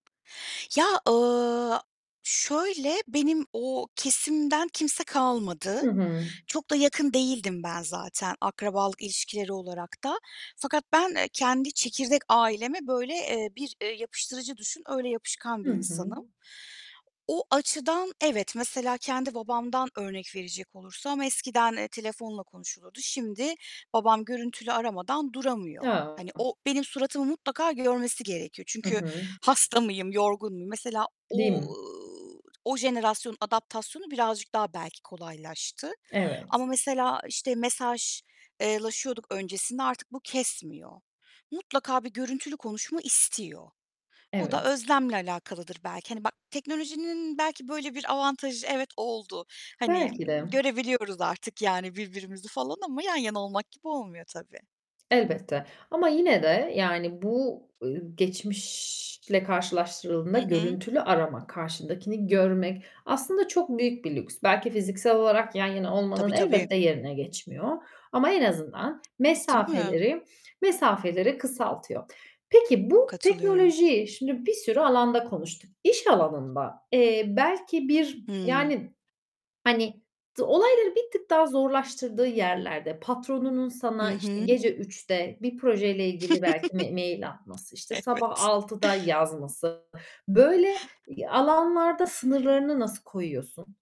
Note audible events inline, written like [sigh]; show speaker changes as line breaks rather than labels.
Ya, ııı, şöyle benim o kesimden kimse kalmadı.
Hı hı.
Çok da yakın değildim ben zaten akrabalık ilişkileri olarak da; fakat ben, eee, kendi çekirdek aileme böyle, eee, bir, eee, yapıştırıcı düşün, öyle yapışkan
Hı
bir
hı.
insanım. O açıdan evet, mesela kendi babamdan örnek verecek olursam, eskiden, eee, telefonla konuşulurdu, şimdi babam görüntülü aramadan duramıyor.
Ya.
Hani, o benim suratımı mutlaka görmesi gerekiyor.
Hı
Çünkü,
hı.
hasta mıyım, yorgun muyum? Mesela,
Değil
ooo,
mi?
o jenerasyonun adaptasyonu birazcık daha belki kolaylaştı ama
Evet.
mesela işte mesaj eee, laşıyorduk öncesinde artık bu kesmiyor. Mutlaka bir görüntülü konuşma istiyor. O da
Evet.
özlemle alakalıdır belki, hani bak, teknolojinin belki böyle bir avantajı, evet oldu. Hani,
Belki de.
görebiliyoruz artık yani birbirimizi falan ama yan yana olmak gibi olmuyor tabii.
Elbette ama yine de, yani bu, ııı, geçmişle
Hı
karşılaştırıldığında
hı.
görüntülü arama, karşındakini görmek aslında çok büyük bir lüks. Belki fiziksel olarak yan yana
Tabii,
olmanın
tabii.
elbette yerine geçmiyor ama en azından
Değil mi?
mesafeleri mesafeleri kısaltıyor. Peki, bu
Katılıyorum.
teknolojiyi şimdi bir sürü alanda konuştuk. İş alanında, eee, belki bir,
Hıı.
yani, hani, d olayları bir tık daha zorlaştırdığı yerlerde, patronunun
Hı
sana işte
hı.
gece 3'te bir projeyle ilgili belki m mail
[chuckles]
atması, işte sabah
Evet.
6'da yazması, böyle alanlarda sınırlarını nasıl koyuyorsun?